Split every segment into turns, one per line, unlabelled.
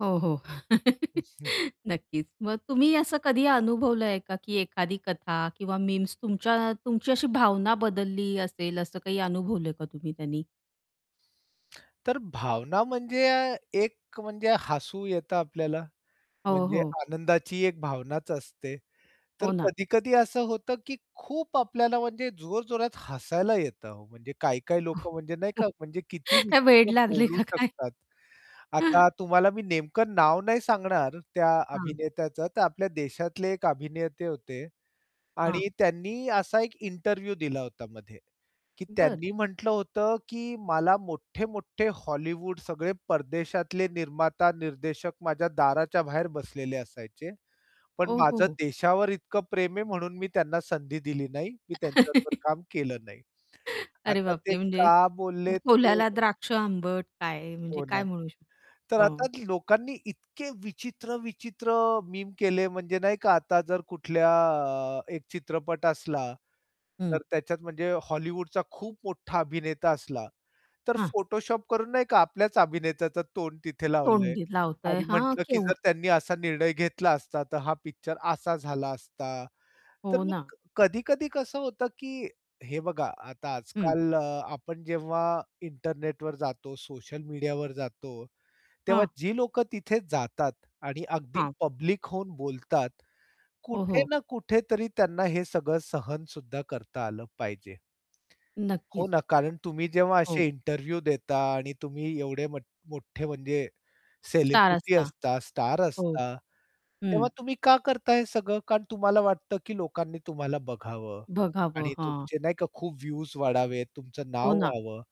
हो, हो.
[unintelligible]
नक्कीच मग तुम्ही असं कधी अनुभवलंय का, की एखादी कथा किंवा मीम्स तुमच्या तुमची अशी भावना बदलली असेल असं काही अनुभवलंय का तुम्ही त्यानी?
तर भावना म्हणजे अ, एक, म्हणजे हसू येतं आपल्याला
हो,
म्हणजे
हो.
आनंदाची एक भावनाच असते. तर
हो ना.
कधी-कधी असं होतं, की खूप आपल्याला म्हणजे जोरजोरात हसायला येतं हो म्हणजे काही-काही लोकं म्हणजे नाही का, म्हणजे किती
काय वेड
विचित्र
लागलंय
बोलू
का काय?
शकतात. आता तुम्हाला मी नेमकं नाव नाही सांगणार त्या
हां.
अभिनेत्याचं तर आपल्या देशातले एक अभिनेते होते.
हां.
आणि त्यांनी असा एक इंटरव्ह्यू दिला होता मध्ये की
बरं.
त्यांनी म्हटलं होतं, की मला मोठे-मोठे हॉलिवूड सगळे परदेशातले निर्माता, निर्देशक माझ्या दाराच्या बाहेर बसलेले असायचे. पण माझं
ओहोहो.
देशावर इतकं प्रेम आहे, म्हणून मी त्यांना संधी दिली नाही. मी त्यांच्याबरोबर काम केलं नाही.
अरे
आता ते
बापरे! म्हणजे
का बोललेत ते
कोल्ह्याला द्राक्ष आंबट काय म्हणजे
हो ना.
काय म्हणू शकतो?
तर आता
हो.
लोकांनी इतके विचित्र-विचित्र मीम केले म्हणजे नाही का, आता जर कुठल्या अ, 1 चित्रपट असला
हं.
तर त्याच्यात म्हणजे हॉलिवूडचा खूप मोठा अभिनेता असला, तर
हां.
फोटोशॉप करून नाही का, आपल्याच अभिनेत्याचं तोंड तिथे लावलंय.
तोंडी लावतय
आणि
हां,
म्हटलं, की जर
केवढं
त्यांनी असा निर्णय घेतला असता तर हा पिक्चर असा झाला असता. तर
हो
मग
ना.
क कधी-कधी कसं होतं की हे बघा आता
हं.
आजकाल अ, आपण जेव्हा इंटरनेटवर जातो सोशल मीडियावर जातो. तेव्हा
हां.
जी लोकं तिथे जातात आणि अगदी
हां.
पब्लिक होऊन बोलतात.
हो,
कुठे
हो.
ना कुठेतरी त्यांना हे सगळं सहनसुद्धा करता आलं पाहिजे. हो
नक्कीच.
ना. कारण तुम्ही जेव्हा
हो.
असे इंटरव्ह्यू देता आणि तुम्ही एवढे मठ मोठे म्हणजे
स्टार
सेलिब्रिटी
असता.
असता स्टार
हो.
असता
हं.
तेव्हा तुम्ही का करता हे सगळं? कारण तुम्हाला वाटतं, की लोकांनी तुम्हाला बघावं
बघावं,
आणि
हां.
तुमचे नाही का खूप व्ह्यूज वाढावेत तुमचं
हो
नाव
ना.
व्हावं.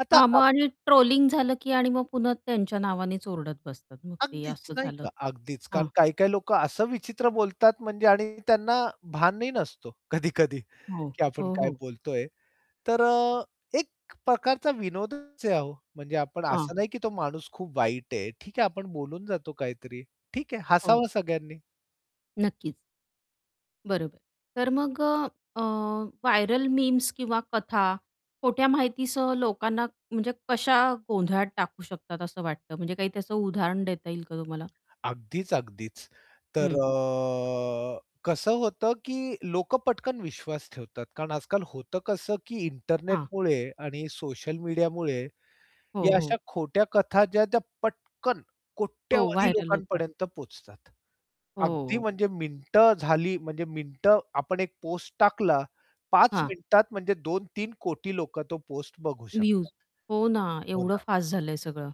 आता
हां मग
आप
आणि ट्रोलिंग झालं, की आणि मग पुन्हा त्यांच्या नावानेच ओरडत बसतात मग ते
अगदीच
असं
नाही
झालं.
का, अगदीच कारण
हां.
काही-काही लोकं असं विचित्र बोलतात म्हणजे आणि त्यांना भानही नसतो कधी-कधी
हो,
की आपण
हो,
काय
हो.
बोलतोय. तर अ, एक प्रकारचा विनोदच आहे हो. म्हणजे आपण
हां.
असं नाही की तो माणूस खूप वाईट आहे. ठीक आहे आपण बोलून जातो काहीतरी ठीक आहे
[unintelligible]
हसावं सगळ्यांनी.
नक्कीच. बरोबर. तर मग अ, अ, व्हायरल मीम्स किंवा कथा खोट्या माहितीसह लोकांना, म्हणजे कशा गोंधळात टाकू शकतात असं वाटतं म्हणजे काही त्याचं उदाहरण देता येईल का तुम्हाला?
अगदीच, अगदीच. तर
हं.
अ, कसं होतं की लोकं पटकन विश्वास ठेवतात. कारण आजकाल होतं कसं की
हां.
इंटरनेटमुळे आणि सोशल मीडियामुळे
हो,
या अशा
हो.
खोट्या कथा ज्या त्या पटकन
हो.
कोट्यावधी
व्हायरल होतात.
लोकांपर्यंत पोहचतात. अगदी
हो.
म्हणजे मिनिटं झाली म्हणजे मिनिटं आपण 1 पोस्ट टाकला 5
हां.
मिनिटात म्हणजे 2-3 कोटी लोकं तो पोस्ट बघू शकतात.
व्ह्यूज हो ना,
हो
एवढं
ना.
फास्ट झालंय सगळं.